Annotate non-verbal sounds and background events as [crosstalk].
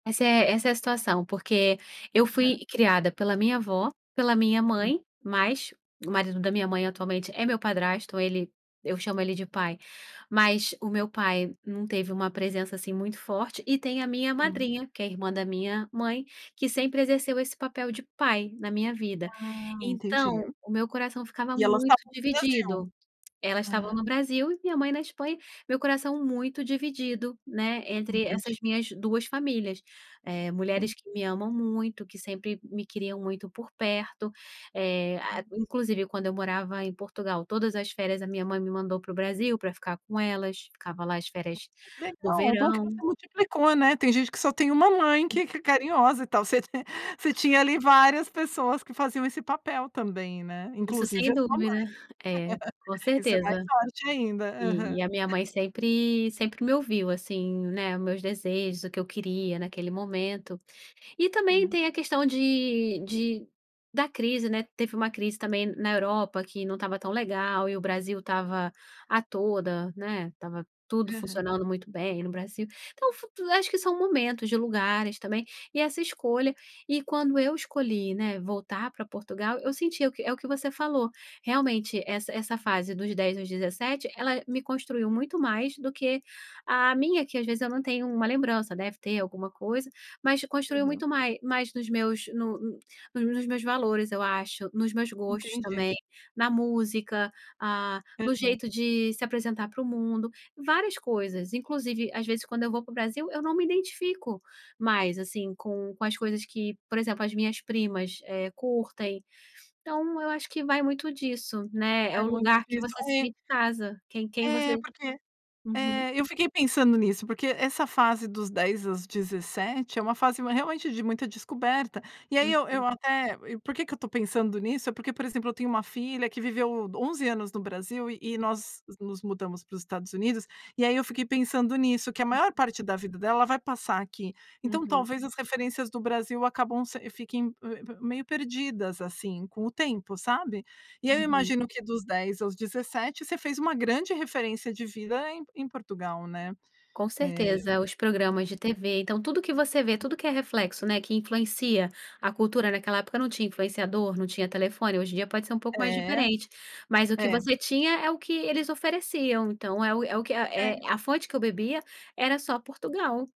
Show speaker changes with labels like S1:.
S1: Essa é essa é a situação porque, eu fui
S2: Hã.
S1: criada pela minha avó, pela minha
S2: Sim.
S1: mãe, mas o marido da minha mãe atualmente é meu padrasto, ele, eu chamo ele de "pai", mas o meu pai não teve uma presença assim muito forte, e tem a minha
S2: Sim.
S1: madrinha que é irmã da minha mãe, que sempre exerceu esse papel de "pai", na minha vida.
S2: Ah, entendi.
S1: Então, o meu coração ficava
S2: E elas
S1: muito
S2: estavam no Brasil?
S1: dividido. Elas estavam
S2: Ah.
S1: no Brasil e minha mãe na Espanha, meu coração muito dividido, né, entre
S2: Entendi.
S1: essas minhas 2 famílias, eh,
S2: Sim.
S1: mulheres que me amam muito, que sempre me queriam muito por perto, eh, a
S2: Hum.
S1: inclusive quando eu morava em Portugal, todas as férias a minha mãe me mandou para o Brasil pra ficar com elas, ficava lá as
S2: Hum,
S1: férias
S2: que
S1: do
S2: legal, bom que você
S1: verão
S2: multiplicou, né. Tem gente que só tem 1 mãe que que é carinhosa e tal, você tem você tinha ali várias pessoas que faziam esse papel também, né,
S1: Isso, sem
S2: inclusive a sua mãe.
S1: dúvida. É, com
S2: [laughs] Isso é mais
S1: certeza,
S2: forte ainda.
S1: e
S2: Aham
S1: e a minha mãe sempre sempre me ouviu assim, né, meus desejos, o que eu queria, naquele momento. E também
S2: Sim.
S1: tem a questão de de da crise né, teve uma crise também na Europa, que não estava tão legal e o Brasil estava a toda, né, estava tudo
S2: Aham.
S1: funcionando muito bem no Brasil. Então, fu acho que são momentos de lugares também, e essa escolha e quando eu escolhi, né, voltar pra Portugal, eu senti é o que é o que você falou, realmente, essa essa fase dos 10 aos 17, ela me construiu muito mais, do que a minha, que às vezes eu não tenho uma lembrança, deve ter alguma coisa, mas construiu
S2: Aham.
S1: muito mai mais nos meus, no uh, nos nos meus valores, eu acho, nos meus gostos
S2: Entendi.
S1: também, na música, ah, no
S2: Aham.
S1: jeito de se apresentar para o mundo, várias coisas. Inclusive, às vezes, quando eu vou pro Brasil, eu não me identifico mais, assim, com com as coisas que por exemplo, as minhas primas, eh, curtem. Então eu acho que vai muito disso, né, é
S2: É
S1: o
S2: muito
S1: lugar que
S2: difícil,
S1: você se
S2: é.
S1: sente em casa, quem quem
S2: É,
S1: você
S2: porque
S1: uhum.
S2: é, eu fiquei pensando nisso, porque essa fase dos dos 10 aos 17, é uma fase ma realmente, de muita descoberta, e aí eu
S1: Uhum.
S2: eu até e por que que eu estou pensando nisso? É porque, por exemplo, eu tenho uma filha que viveu 11 anos no Brasil e
S1: Hum.
S2: nós nos mudamos para os Estados Unidos, e aí eu fiquei pensando nisso, que a maior
S1: Uhum.
S2: parte da vida dela, ela vai passar aqui. Então,
S1: Uhum.
S2: talvez as referências do Brasil acabam se fiquem me me meio perdidas, assim, com o tempo, sabe. E eu
S1: Uhum.
S2: imagino que dos 10 aos 17, você fez uma grande referência de vida em em Portugal, né.
S1: Com
S2: Eh
S1: certeza. É, os programas de tv, então tudo que você vê, tudo que é reflexo, né, que influencia a cultura, naquela época não tinha influenciador, não tinha telefone, hoje em dia pode ser um pouco mais
S2: É.
S1: diferente, mas o que
S2: É.
S1: você tinha é o que eles ofereciam, então é o é o que é
S2: É.
S1: a fonte que eu bebia era só Portugal.